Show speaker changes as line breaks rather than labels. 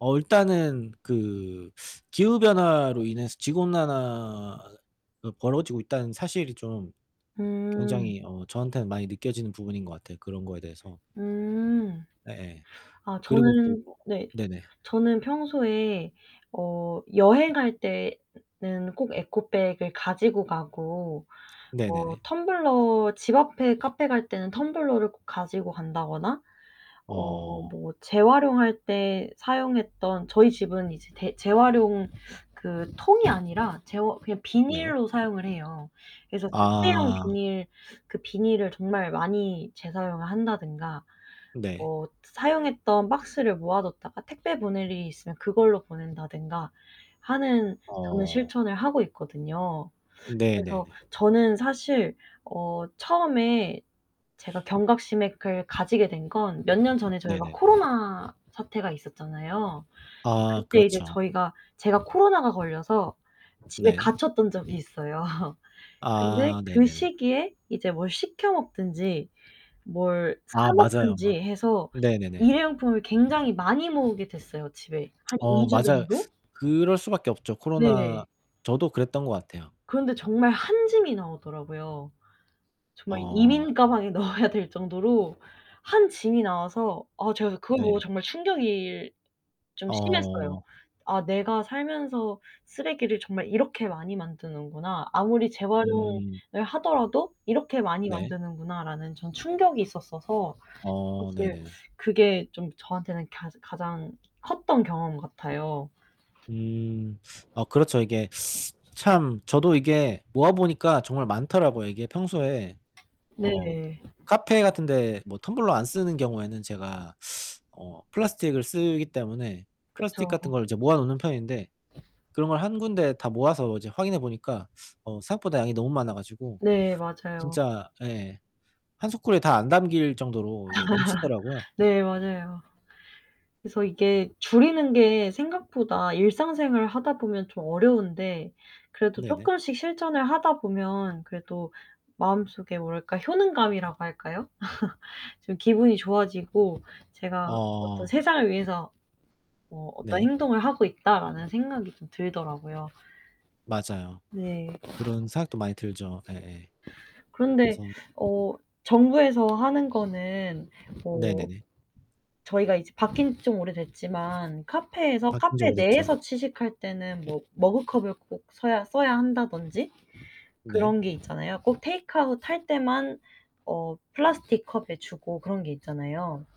어 일단은 그 기후변화로 인해서 지구온난화가 벌어지고 있다는 사실이 좀
음.
굉장히 어 저한테는 많이 느껴지는 부분인 것 같아요. 그런 거에 대해서
응.
예예.
아
그리고 또
저는
뭐
네.
네네.
저는 평소에 어 여행할 때는 꼭 에코백을 가지고 가고 어
네네네.
텀블러 집앞에 카페 갈 때는 텀블러를 꼭 가지고 간다거나 어
어.
뭐 재활용할 때 사용했던 저희 집은 이제 대 재활용 그 통이 아니라 재활 그냥
네.
비닐로 사용을 해요. 그래서 특대형
아.
비닐, 그 비닐을 정말 많이 재사용을 한다든가
네.
뭐 사용했던 박스를 모아 뒀다가 택배 보낼 일이 있으면 그걸로 보낸다든가 하는 저는
어.
실천을 하고 있거든요. 그래서
네네네.
저는 사실 어 처음에 제가 경각심에 을 가지게 된 건 몇 년 전에 저희가
네네.
코로나 사태가 있었잖아요.
아
그때 이제
그렇죠.
저희가 제가 코로나가 걸려서 집에
네.
갇혔던 적이 있어요. 근데
아
그
네네네.
시기에 이제 뭘 시켜 먹든지, 뭘
아
사
맞아요.
먹든지 해서
네네네.
일회용품을 굉장히 많이 모으게 됐어요. 집에 한 2
어
주
맞아요.
정도.
그럴 수 밖에 없죠. 코로나
네.
저도 그랬던 것 같아요.
그런데 정말 한 짐이 나오더라고요. 정말
어.
이민 가방에 넣어야 될 정도로 한 짐이 나와서 어 제가 그걸 보고
네.
정말 충격이 좀 심했어요.
어.
'아 내가 살면서 쓰레기를 정말 이렇게 많이 만드는구나. 아무리 재활용을
음.
하더라도 이렇게 많이
네.
만드는구나.'라는 좀 충격이 있었어서
어
사실
네네네.
그게 좀 저한테는 가자 가장 컸던 경험 같아요.
음. 아 그렇죠. 이게 참 저도 이게 모아 보니까 정말 많더라고요. 이게 평소에
네.
어 카페 같은데 뭐 텀블러 안 쓰는 경우에는 제가 어 플라스틱을 쓰기 때문에 플라스틱
그쵸.
같은 걸 이제 모아 놓는 편인데 그런 걸 1 군데 다 모아서 이제 확인해 보니까 어 생각보다 양이 너무 많아 가지고
네. 맞아요.
진짜 예 1 소쿠리에 다 안 담길 정도로 이게 넘치더라고요.
네. 맞아요. 그래서 이게 줄이는 게 생각보다 일상생활을 하다 보면 좀 어려운데 그래도
네네.
쪼끔씩 실전을 하다 보면 그래도 마음속에 뭐랄까? 효능감이라고 할까요? 좀 기분이 좋아지고 제가 어떤
어.
'세상을 위해서 뭐 어떤
네.
행동을 하고 있다.'라는 생각이 좀 들더라고요.
맞아요.
네.
그런 생각도 많이 들죠. 예예.
그런데
그래서
어 정부에서 하는 거는 뭐
네네네.
저희가 이제 바뀐지 좀 오래됐지만 카페에서
바뀐지
카페
오래됐죠.
내에서 취식할 때는 뭐 머그컵을 꼭 써야 써야 한다든지
네.
그런게 있잖아요. 꼭 테이크아웃 할 때만 어 플라스틱 컵에 주고 그런 게 있잖아요.